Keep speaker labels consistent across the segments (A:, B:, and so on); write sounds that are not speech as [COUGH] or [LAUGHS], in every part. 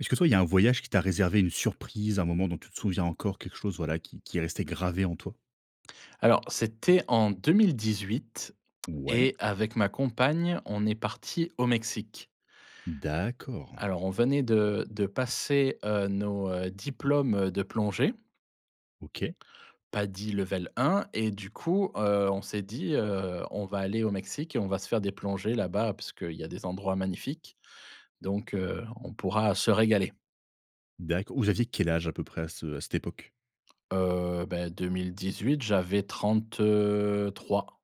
A: Est-ce que toi, il y a un voyage qui t'a réservé une surprise, un moment dont tu te souviens encore, quelque chose, voilà, qui qui est resté gravé en toi?
B: Alors, c'était en 2018
A: Ouais.
B: et avec ma compagne, on est partis au Mexique.
A: D'accord.
B: Alors, on venait de de passer, heu, nos heu, diplômes, heu, de plongée.
A: OK.
B: PADI level 1 et du coup, heu, on s'est dit, heu: «On va aller au Mexique et on va se faire des plongées là-bas puisque il y a des endroits magnifiques donc, heu, on pourra se régaler».
A: D'acc vous aviez quel âge, à peu près, à ce à cette époque?
B: Heu, bah, 2018, j'avais 33.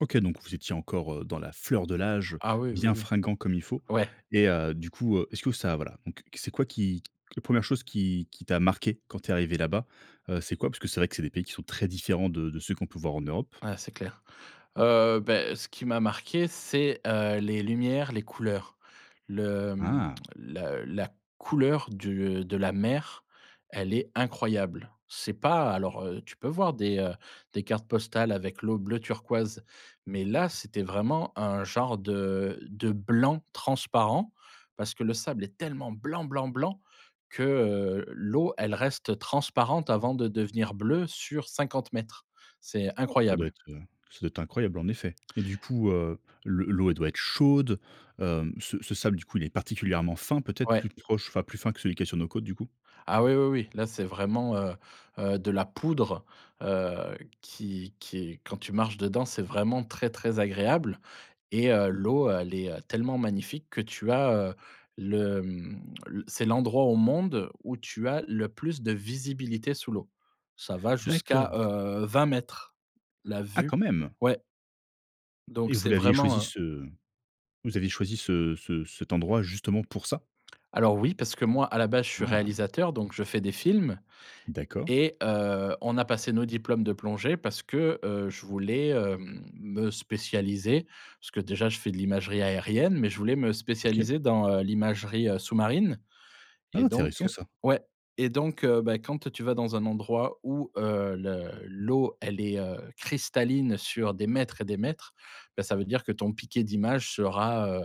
A: OK, donc vous étiez encore, heu, dans la fleur de l'âge,
B: Ah, oui. Oui,
A: bien
B: oui.
A: fringants, comme il faut
B: Ouais.
A: et heu, du coup, heu, est-ce que ça, voilà donc c'est quoi qui la 1re chose qui qui t'a marqué quand tu es arrivé là-bas, heu, c'est quoi? Puisque c'est vrai que c'est des pays qui sont très différents de de ceux qu'on peut voir en Europe.
B: Ah, c'est clair. Heu, beh, ce qui m'a marqué, c'est, heu, les lumières, les couleurs, le mmh,
A: Ah!
B: la la couleur du, heu, de la mer. Elle est incroyable, c'est pas alors heu, tu peux voir des, heu, des cartes postales avec l'eau bleu turquoise mais là, c'était vraiment un genre de de blanc transparent parce que le sable est tellement blanc, blanc, blanc que, heu, l'eau, elle reste transparente avant de devenir bleue sur 50 m. C'est
A: Ça doit
B: incroyable.
A: être, heu, ça doit être incroyable, en effet et du coup, heu, le l'eau, elle doit être chaude. Hem, ce ce sable, du coup, il est particulièrement fin, peut-être
B: Ouais.
A: plus proche, enfin, plus fin que celui qui est sur nos côtes, du coup?
B: Ah, oui, oui, oui. Là, c'est vraiment, heu heu, de la poudre, heu, qui qui est quand tu marches dedans, c'est vraiment très, très agréable et heu, l'eau, heu, elle est, heu, tellement magnifique que tu as, heu, le, mmh, l c'est l'endroit au monde où tu as le plus de visibilité sous l'eau. Ça va jusqu'à,
A: D'accord.
B: heu, 20 m, la
A: Ah,
B: vue.
A: quand même!
B: Ouais.
A: Et
B: Donc
A: vous
B: c'est
A: l'aviez
B: vraiment
A: choisi,
B: un
A: ce vous aviez choisi ce ce cet endroit, justement, pour ça?
B: Alors, oui, parce que moi, à la base, je suis
A: Ah.
B: réalisateur donc je fais des films
A: D'accord.
B: et heu, on a passé nos diplômes de plongée parce que, heu, je voulais, hem, me spécialiser parce que, déjà, je fais de l'imagerie aérienne, mais je voulais me
A: OK.
B: spécialiser dans heu, l'imagerie, heu, sous-marine
A: Ah,
B: et donc
A: intéressant ça!
B: ouais et donc heu, bah, quand tu vas dans un endroit où heu, le l'eau, elle est, heu, cristalline sur des mètres et des mètres, bah, ça veut dire que ton piqué d'image sera, heu,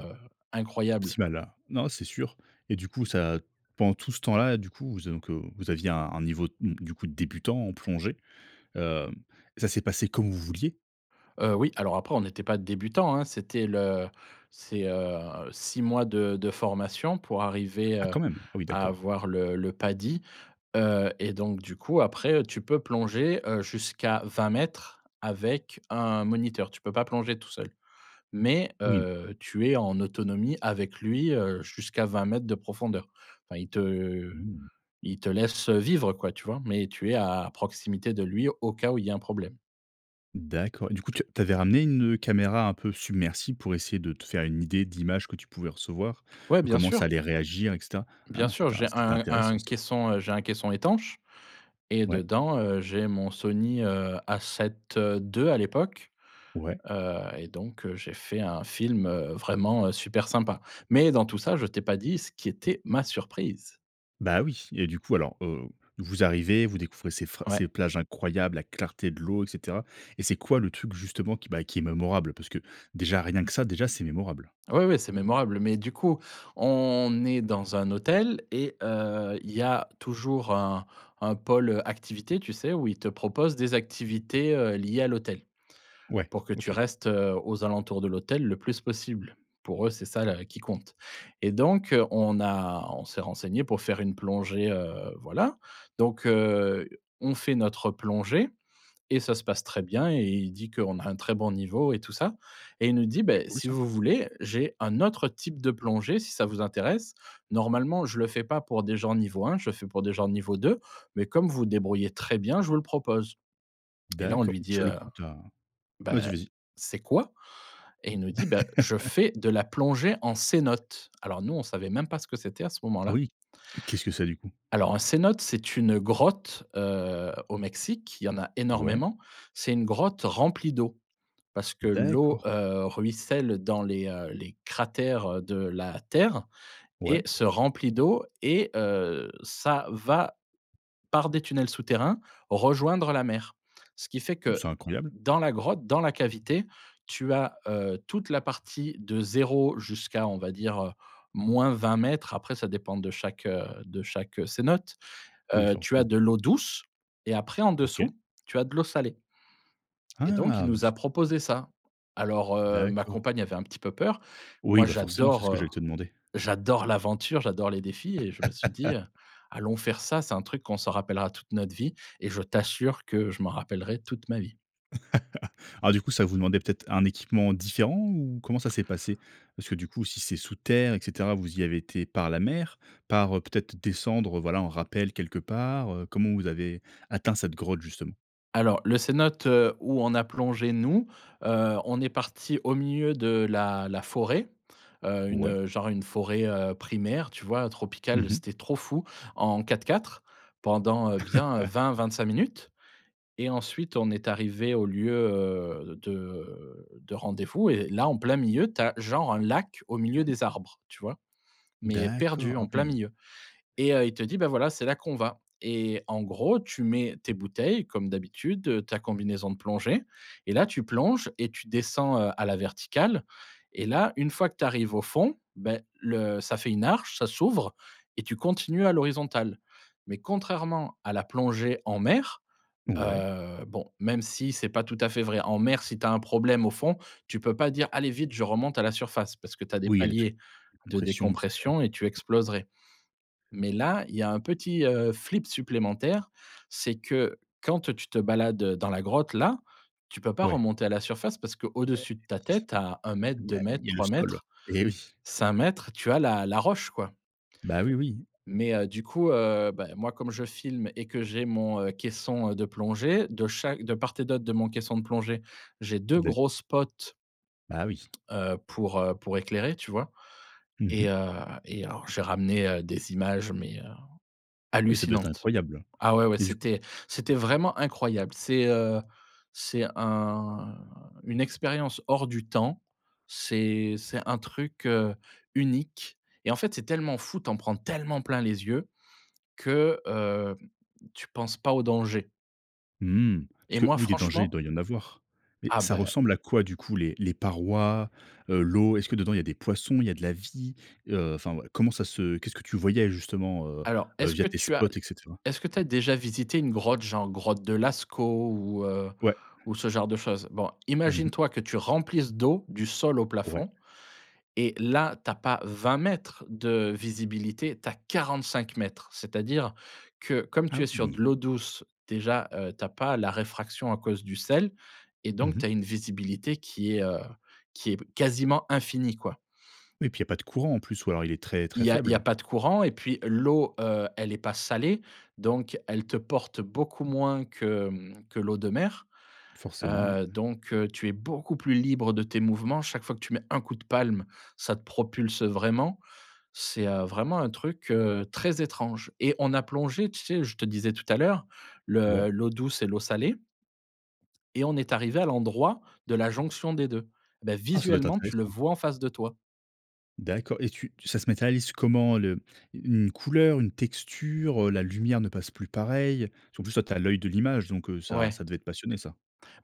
B: incroyable.
A: Optimal. Ah, non, c'est sûr et du coup, ça pendant tout ce temps-là, du coup, vous donc heu, vous aviez un un niveau, mmh, du coup, débutant, en plongée. Hem et ça s'est passé comme vous vouliez?
B: Heu, oui. Alors après on n'était pas débutants, hein. C'était le c'est, heu, 6 mois de de formation pour arriver,
A: Ah,
B: heu,
A: quand même. Ah oui,
B: à
A: d'accord.
B: avoir le le PADI. Heu, et donc du coup, après, heu, tu peux plonger, heu, jusqu'à 20 m avec un moniteur. Tu peux pas plonger tout seul, mais
A: Oui.
B: heu, tu es en autonomie avec lui, heu, jusqu'à 20 m de profondeur. Enfin, il te
A: Mmh mh.
B: il te laisse vivre quoi, tu vois? Mais tu es à proximité de lui, au cas où il y ait un problème.
A: D'accord, et du coup tu as tu avais ramené une, heu, caméra un peu submersible pour essayer de te faire une idée d'image que tu pouvais recevoir,
B: Ouais,
A: heu,
B: bien
A: comment ça
B: sûr.
A: allait réagir et cetera?
B: Bien
A: Hein,
B: sûr.
A: c'est in
B: J'ai
A: c'est
B: un
A: intéressant,
B: un
A: ça.
B: caisson, heu j'ai un caisson étanche et
A: Ouais.
B: dedans, heu, j'ai mon Sony, heu, A7-2 à l'époque.
A: Ouais.
B: Heu, et donc heu, j'ai fait un film, heu, vraiment, heu, super sympa, mais dans tout ça, je t'ai pas dit ce qui était ma surprise.
A: Bah oui, et du coup alors, heu, vous arrivez, vous découvrez ces phra ces
B: Ouais.
A: plages incroyables, la clarté de l'eau et cetera, et c'est quoi le truc, justement, qui bah, qui est mémorable? Parce que déjà, rien que ça déjà, c'est mémorable.
B: Ouais, ouais, c'est mémorable, mais du coup on est dans un hôtel et heu, il y a toujours un un pôle activité, tu sais, où ils te proposent des activités, heu, liées à l'hôtel
A: Ouais,
B: pour que tu
A: OK.
B: restes, heu, aux alentours de l'hôtel le plus possible. Pour eux c'est ça la qui compte, et donc on a on s'est renseigné pour faire une plongée, heu voilà donc heu, on fait notre plongée et ça se passe très bien, et il dit qu'on a un très bon niveau et tout ça, et il nous dit:
A: Est
B: «Beh,
A: cool
B: si
A: ça.
B: vous voulez, j'ai un autre type de plongée si ça vous intéresse. Normalement je le fais pas pour des gens niveau 1, je fais pour des gens niveau 2, mais comme vous débrouillez très bien, je vous le propose», et là on
A: D'acco
B: lui dit:
A: sur le
B: «Heu,
A: coup tu as vas-y,
B: beh,
A: vas-y.
B: c'est quoi?» et il nous dit: «Bah, je
A: [CHUCKLES]
B: fais de la plongée en cénotes». Alors nous, on ne savait même pas ce que c'était à ce
A: Ah
B: moment-là.
A: oui, qu'est-ce que c'est du coup?
B: Alors un cénote, c'est une grotte, heu, au Mexique. Il y en a
A: Ouais.
B: énormément, c'est une grotte remplie d'eau, parce que l'eau,
A: D'accord.
B: heu, ruisselle dans les, heu, les cratères, heu, de la terre et
A: Ouais.
B: se remplit d'eau et heu, ça va, par des tunnels souterrains, rejoindre la mer. Ce qui fait
A: Mmh,
B: que
A: c'est incroyable.
B: dans la grotte, dans la cavité, tu as, heu, toute la partie de 0, jusqu'à, on va dire, heu, -20 mètres. Après ça dépend de chaque, heu, de chaque cénote.
A: Oui,
B: Heu, tu as
A: forcément.
B: de l'eau douce et après en
A: OK.
B: dessous, tu as de l'eau salée et donc il
A: Ah! Mais
B: nous
A: c
B: a proposé ça. Alors, heu, ma
A: D'accord.
B: compagne avait un petit peu peur.
A: Oui,
B: Moi
A: bah forcément, c'est
B: j'adore,
A: ce que
B: heu
A: j'allais te demander.
B: j'adore l'aventure, j'adore les défis et je me suis dit, heu:
A: [CHUCKLES]
B: «Allons faire ça, c'est un truc qu'on se rappellera toute notre vie», et je t'assure que je m'en rappellerai toute ma vie.
A: [CHUCKLES] Alors du coup, ça vous demandait peut-être un équipement différent, ou comment ça s'est passé? Parce que du coup, si c'est sous terre, et cetera vous y avez été par la mer, par, heu peut-être descendre, voilà, en rappel quelque part, heu, comment vous avez atteint cette grotte justement?
B: Alors, le cénote, heu, où on a plongé nous. Heu, on est partis au milieu de la la forêt, heu, une,
A: Ouais.
B: heu, genre une forêt, heu, primaire, tu vois?
A: Mmh
B: Tropicale,
A: mh.
B: c'était trop fou en 4x4, pendant, heu, bien
A: [CHUCKLES]
B: 20-25 minutes et ensuite on est arrivés au lieu, heu, de de rendez-vous et là, en plein milieu, tu as genre un lac au milieu des arbres, tu vois? Mais
A: D'accord,
B: perdu
A: ah
B: en plein
A: oui!
B: milieu et heu, il te dit: «Bah voilà, c'est là qu'on va», et en gros, tu mets tes bouteilles comme d'habitude, heu, ta combinaison de plongée et là, tu plonges et tu descends, heu, à la verticale et là, une fois que tu arrives au fond. Beh le ça fait une arche, ça s'ouvre et tu continues à l'horizontale, mais contrairement à la plongée en mer,
A: Ouais.
B: heu, bon, même si c'est pas tout à fait vrai, en mer, si tu as un problème au fond, tu peux pas dire: «Allez vite, je remonte à la surface». Parce que tu as des
A: Oui, il y a les trucs
B: paliers de
A: décompression et cetera.
B: décompression et tu exploserais, mais là, il y a un petit, heu, flip supplémentaire. C'est que, quand tu te balades, heu, dans la grotte là, tu peux pas
A: Ouais.
B: remonter à la surface. Parce que
A: Eh
B: au-dessus de ta tête, tu as 1 m, deux
A: mais il
B: mètres,
A: y a le
B: trois
A: sol.
B: mètres,
A: Eh oui.
B: 5 m. Tu as la la roche, quoi.
A: Bah oui, oui.
B: Mais heu, du coup, heu, bah moi comme je filme et que j'ai mon, heu, caisson, heu, de plongée de chaque de part et d'autre de mon caisson de plongée, j'ai
A: Fait
B: 2
A: de la l
B: gros spots.
A: Bah oui.
B: Heu, pour, heu, pour éclairer, tu vois?
A: Mmh
B: Et
A: mh.
B: heu, et alors j'ai ramené, heu, des images mais heu,
A: Et ça doit être
B: hallucinantes
A: incroyable,
B: ah ouais, ouais,
A: et du coup?
B: c'était c'était vraiment incroyable, c'est, heu, c'est un une expérience hors du temps. C'est c'est un truc, heu, unique et en fait, c'est tellement fou, tu en prends tellement plein les yeux que, hem, tu penses pas au danger.
A: Mmh mh. Parce
B: Et
A: que
B: moi
A: oui, des dangers, il
B: franchement
A: doit y en avoir. Mais
B: Ah
A: ça
B: beh
A: ressemble à quoi du coup les les parois, heu, l'eau? Est-ce que dedans, il y a des poissons, il y a de la vie? Heu, enfin, comment ça se qu'est-ce que tu voyais justement, heu
B: Alors,
A: heu,
B: est-ce
A: via
B: que
A: tes
B: tu as
A: spots et cetera?
B: est-ce que tu as déjà visité une grotte? Genre grotte de Lascaux ou heu,
A: Ouais.
B: ou ce genre de chose. Bon,
A: Mmh mh.
B: imagine-toi que tu remplisses d'eau du sol au
A: Ouais.
B: plafond et là, tu as pas 20 m de visibilité, tu as 45 m, c'est-à-dire que comme
A: Ah
B: tu es sur de
A: oui!
B: l'eau douce, déjà, heu, tu as pas la réfraction à cause du sel et
A: Mmh
B: donc tu
A: mh.
B: as une visibilité qui est, heu, qui est quasiment infinie, quoi.
A: Oui et puis il y a pas de courant en plus ou alors il est très très
B: Il y a il y a
A: faible?
B: pas de courant et puis l'eau, heu, elle est pas salée, donc elle te porte beaucoup moins que, mmh, que l'eau de mer.
A: Forcément, ouais.
B: Heu, donc heu, tu es beaucoup plus libre de tes mouvements. Chaque fois que tu mets 1 coup de palme, ça te propulse vraiment. C'est, heu, vraiment un truc, heu, très étrange et on a plongé, tu sais, je te disais tout à l'heure,
A: Ouais.
B: le l'eau douce et l'eau salée et on est arrivé à l'endroit de la jonction des 2. Ben
A: Ah, ça doit être
B: visuellement, tu le
A: intéressant!
B: vois en face de toi.
A: D'accord et tu tu ça se matérialise comment le u une couleur, une texture, heu, la lumière ne passe plus pareil. Parce que en plus, toi tu as l'oeil de l'image donc heu, ça
B: Ouais.
A: ça devait te passionner ça.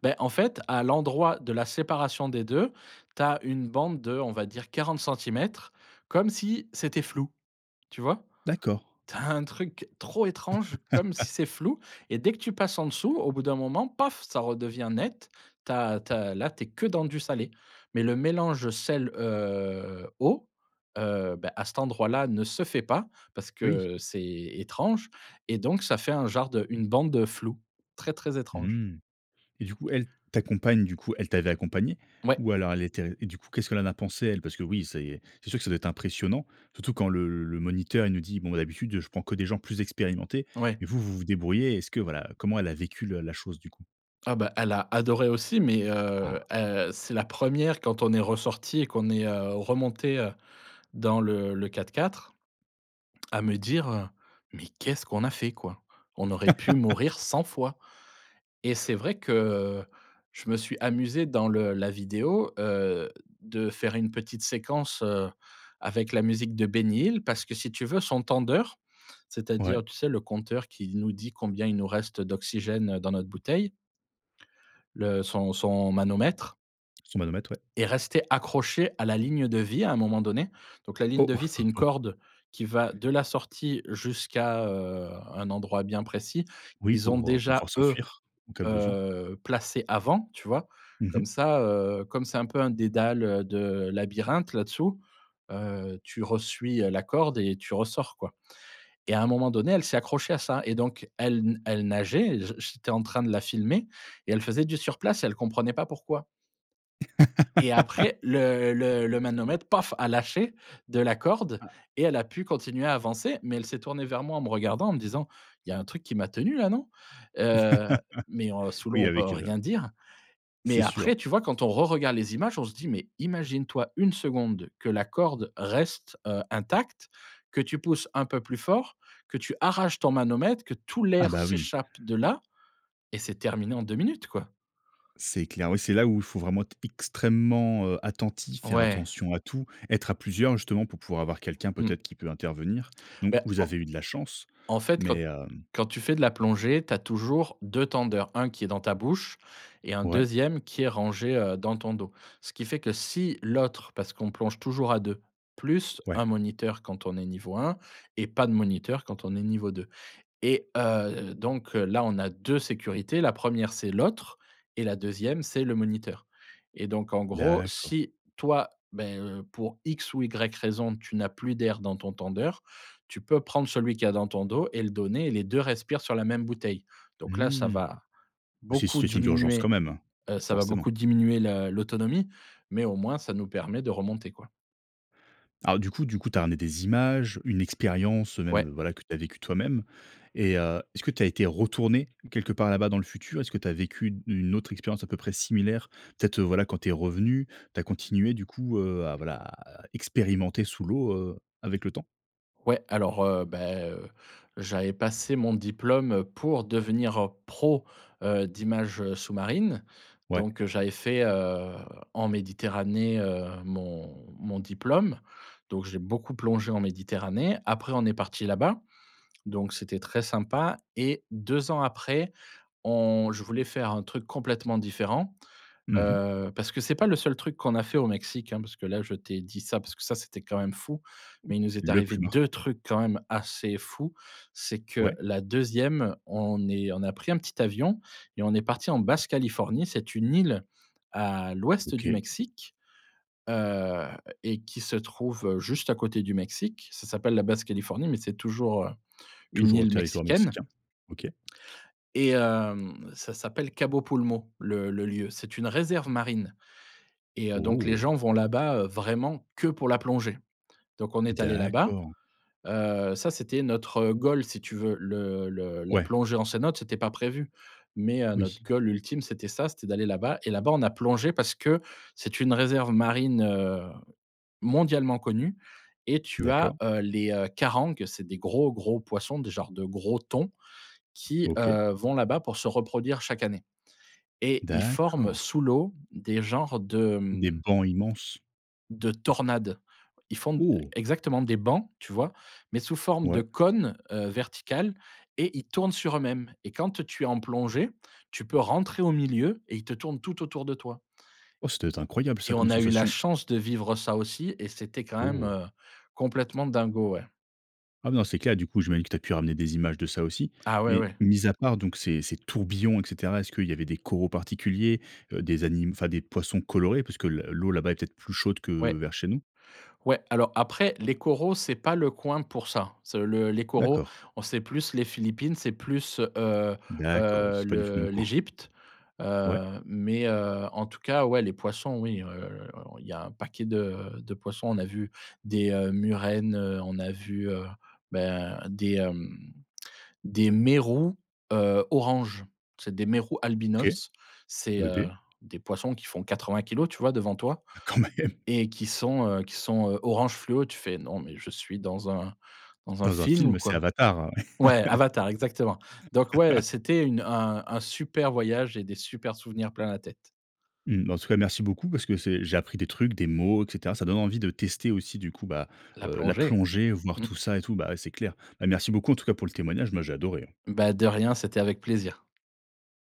B: Beh en fait, à l'endroit de la séparation des 2, tu as une bande de, on va dire 40 centimètres, comme si, c'était flou, tu vois?
A: D'accord.
B: Tu as un truc trop étrange comme si
A: [LAUGHS]
B: c'est flou et dès que tu passes en dessous au bout d'un moment paf! Ça redevient net, tu as tu as là, tu es que dans du salé. Mais le mélange sel, heu, eau, heu, beh, à cet endroit-là ne se fait pas parce
A: Oui.
B: que c'est étrange et donc ça fait un genre de une bande de flou, très très étrange.
A: Mmh et du coup, elle ta compagne du coup, elle t'avait accompagné?
B: Mouais.
A: Ou alors elle était et du coup, qu'est-ce qu'elle en a pensé elle, parce que oui, c'est c'est sûr que ça doit être impressionnant, surtout quand le le moniteur, il nous dit: «Bon bah, d'habitude, je prends que des gens plus expérimentés»
B: Ouais.
A: mais vous, vous vous débrouillez, est-ce que voilà, comment elle a vécu le la chose, du coup?
B: Ah bah, elle a adoré aussi mais, heu
A: Ah.
B: heu, c'est la 1re, quand on est ressorti et qu'on est, heu, remontés, heu, dans le le 4x4, à me dire, heu: «Mais qu'est-ce qu'on a fait quoi? On aurait pu mourir
A: [LAUGHS]
B: 100 fois» et c'est vrai que, heu, je me suis amusé dans le la vidéo, heu, de faire une petite séquence, heu, avec la musique de Benny Hill parce que si tu veux son tendeur,
A: Ouais.
B: c'est-à-dire tu sais le compteur qui nous dit combien il nous reste d'oxygène, heu, dans notre bouteille le son son manomètre
A: Son manomètre, ouais.
B: est resté accroché à la ligne de vie à un moment donné. Donc la ligne
A: Oh.
B: de vie, c'est une
A: [CHUCKLES]
B: corde qui va de la sortie jusqu'à, heu, un endroit bien précis.
A: Oui
B: Ils ont
A: pour, heu, pour pouvoir
B: déjà eux,
A: s'enfuir en cas de besoin.
B: heu, placé avant, tu vois?
A: Mmh
B: Comme
A: mh.
B: ça, heu, comme c'est un peu un dédale, heu, de labyrinthe là-dessous, heu, tu re-suis la corde et tu ressors quoi et
A: T
B: à un moment donné, elle s'est accrochée à ça et donc elle na elle nageait et j j'étais en train de la filmer et elle faisait du surplace, et elle comprenait pas pourquoi. Et
A: [LAUGHS]
B: après le le le manomètre, paf, a lâché de la corde
A: Ah
B: et elle a pu continuer à avancer, mais elle s'est tournée vers moi, en me regardant, en me disant: «Il y a un truc qui m'a tenue, là, non?» heu, mais heu,
A: [LAUGHS]
B: sous l'eau,
A: Oui,
B: on peut
A: avec, heu, le
B: rien dire. Mais
A: C'est
B: après,
A: sûr.
B: tu vois, quand on reregarde les images, on se dit: «Mais imagine-toi 1 seconde que la corde reste, heu, intacte, que tu pousses un peu plus fort, que tu arraches ton manomètre, que tout
A: Ah,
B: l'air
A: bah, oui!
B: s'échappe de là et c'est terminé en 2 minutes, quoi».
A: C'est clair. Oui, c'est là où faut vraiment être extrêmement, heu, attentif, faire
B: Ouais.
A: attention à tout, être à plusieurs justement pour pouvoir avoir quelqu'un
B: Mmh.
A: peut-être qui peut intervenir. Donc,
B: Beh,
A: vous avez
B: en
A: eu de la chance
B: en fait, quand
A: mais
B: t
A: hem
B: quand tu fais de la plongée, tu as toujours 2 tendeurs, 1 qui est dans ta bouche et un
A: Ouais.
B: 2e qui est rangé, heu, dans ton dos. Ce qui fait que si l'autre- parce qu'on plonge toujours à 2 - plus
A: Ouais.
B: un moniteur quand on est niveau 1 et pas de moniteur quand on est niveau 2. Et heu, donc là, on a 2 sécurités: la 1re, c'est l'autre et la 2e, c'est le moniteur. Et donc en gros,
A: D'accord.
B: si toi, ben, heu, pour X ou Y raison, tu n'as plus d'air dans ton tendeur, tu peux prendre celui qu'il y a dans ton dos et le donner et les 2 respirent sur la même bouteille. Donc là, ça
A: Mmh!
B: va
A: C'est une
B: beaucoup
A: situation d'urgence quand
B: diminuer,
A: même, hein.
B: heu, ça va
A: Forcément.
B: beaucoup diminuer le l'autonomie mais au moins, ça nous permet de remonter, quoi.
A: Alors du coup du coup, tu as ramené des images, une expérience, heu, même
B: Ouais.
A: voilà que tu as vécu toi-même et heu, est-ce que tu as été retourné quelque part là-bas dans le futur? Est-ce que tu as vécu u une autre expérience à peu près similaire? Peut-être, heu, voilà quand tu es revenu, tu as continué du coup, heu, à voilà, à expérimenter sous l'eau, heu, avec le temps?
B: Ouais alors, heu, beh, heu, j'avais passé mon diplôme, heu, pour devenir, heu, pro, heu, d'images sous-marine
A: Ouais.
B: donc j'avais fait, heu, en Méditerranée, heu, mon mon diplôme donc j'ai beaucoup plongé en Méditerranée, après on est partis là-bas donc c'était très sympa et 2 ans après, on je voulais faire un truc complètement différent.
A: Mmh mh.
B: Heu, parce que c'est pas le seul truc qu'on a fait au Mexique, hein, parce que là, je t'ai dit ça parce que ça c'était quand même fou mais il nous est
A: Le
B: arrivé
A: plus
B: 2
A: marquant.
B: trucs quand même assez fou, c'est que
A: Ouais.
B: la 2e on est on a pris un petit avion et on est parti en Basse-Californie, c'est une île à l'ouest du
A: OK.
B: Mexique. Heu, et qui se trouve juste à côté du Mexique, ça s'appelle la Basse-Californie, mais c'est toujours, heu, une
A: Toujours au
B: île
A: territoire
B: mexicaine
A: mexicain, OK.
B: et hem, ça s'appelle Cabo Pulmo, le le lieu. C'est une réserve marine et heu, donc les
A: Oh!
B: gens vont là-bas, heu, vraiment que pour la plongée, donc on est allé là-bas.
A: D'accord.
B: Heu, ça, c'était notre, heu, goal si tu veux le le la
A: Ouais.
B: plongée en cénote, c'était pas prévu, mais heu, notre
A: Oui.
B: goal ultime, c'était ça, c'était d'aller là-bas et là-bas, on a plongé parce que c'est une réserve marine, heu, mondialement connue et tu as,
A: D'accord.
B: heu, les carangues, c'est des gros gros poissons des genre de gros thons qui,
A: OK.
B: heu, vont là-bas pour se reproduire chaque année et ils forment
A: D'accord.
B: sous l'eau des genres de,
A: Des
B: mmh
A: bancs immenses?
B: de tornade. Ils font, e
A: Oh!
B: exactement, des bancs, tu vois? Mais sous forme
A: Ouais.
B: de cône, heu, vertical et ils tournent sur eux-mêmes et quand tu es en plongée, tu peux rentrer au milieu et ils te tournent tout autour de toi.
A: Oh, ce devait être incroyable ça,
B: Et
A: comme
B: on a eu la
A: sensation.
B: chance de vivre ça aussi et c'était quand même,
A: Oh!
B: heu, complètement dingo, ouais.
A: Ah mais dans ces cas-là, du coup, je me dis que tu as pu ramener des images de ça, aussi.
B: Ah, ouais,
A: Mais,
B: ouais.
A: mis à part donc ces ces tourbillons et cetera, est-ce qu'il y avait des coraux particuliers, heu, des anim enfin des poissons colorés? Puisque le l'eau là-bas est peut-être plus chaude que
B: Ouais.
A: vers chez nous?
B: Ouais. Alors, après, les coraux, c'est pas le coin pour ça. C'est le les coraux,
A: D'accord.
B: au c'est plus les Philippines, c'est plus, heu
A: D'accord, oui,
B: heu,
A: c'est pas du tout le même
B: le
A: coin.
B: l'Égypte.
A: Ouais.
B: Heu, mais, heu, en tout cas, ouais, les poissons, oui, heu, il y a un paquet de de poissons. On a vu des, heu, murènes, heu, on a vu, heu, ben, des, hem, des mérous, heu, orange. C'est des mérous
A: OK.
B: albinos. C'est,
A: Heu,
B: heu,
A: beh!
B: des poissons qui font 80 kilogrammes tu vois, devant toi.
A: Ah quand même!
B: Et qui sont, heu, qui sont, heu, orange fluo, tu fais: «Non mais je suis dans un dans un
A: Dans un
B: film ou
A: film, c'est
B: quoi?»
A: Avatar!
B: Ouais, Avatar, exactement. Donc ouais, heu,
A: [LAUGHS]
B: c'était une un un super voyage et des supers souvenirs plein la tête.
A: Mmh. Bah, en tout cas, merci beaucoup parce que c'est j'ai appris des trucs, des mots et cetera. Ça donne envie de tester aussi du coup, bah,
B: La
A: heu, la
B: plongée!
A: plongée, voir
B: Mmh.
A: tout ça et tout bah, ouais c'est clair. Bah, merci beaucoup en tout cas pour le témoignage, moi j'ai adoré, hein.
B: Bah, de rien, c'était avec plaisir.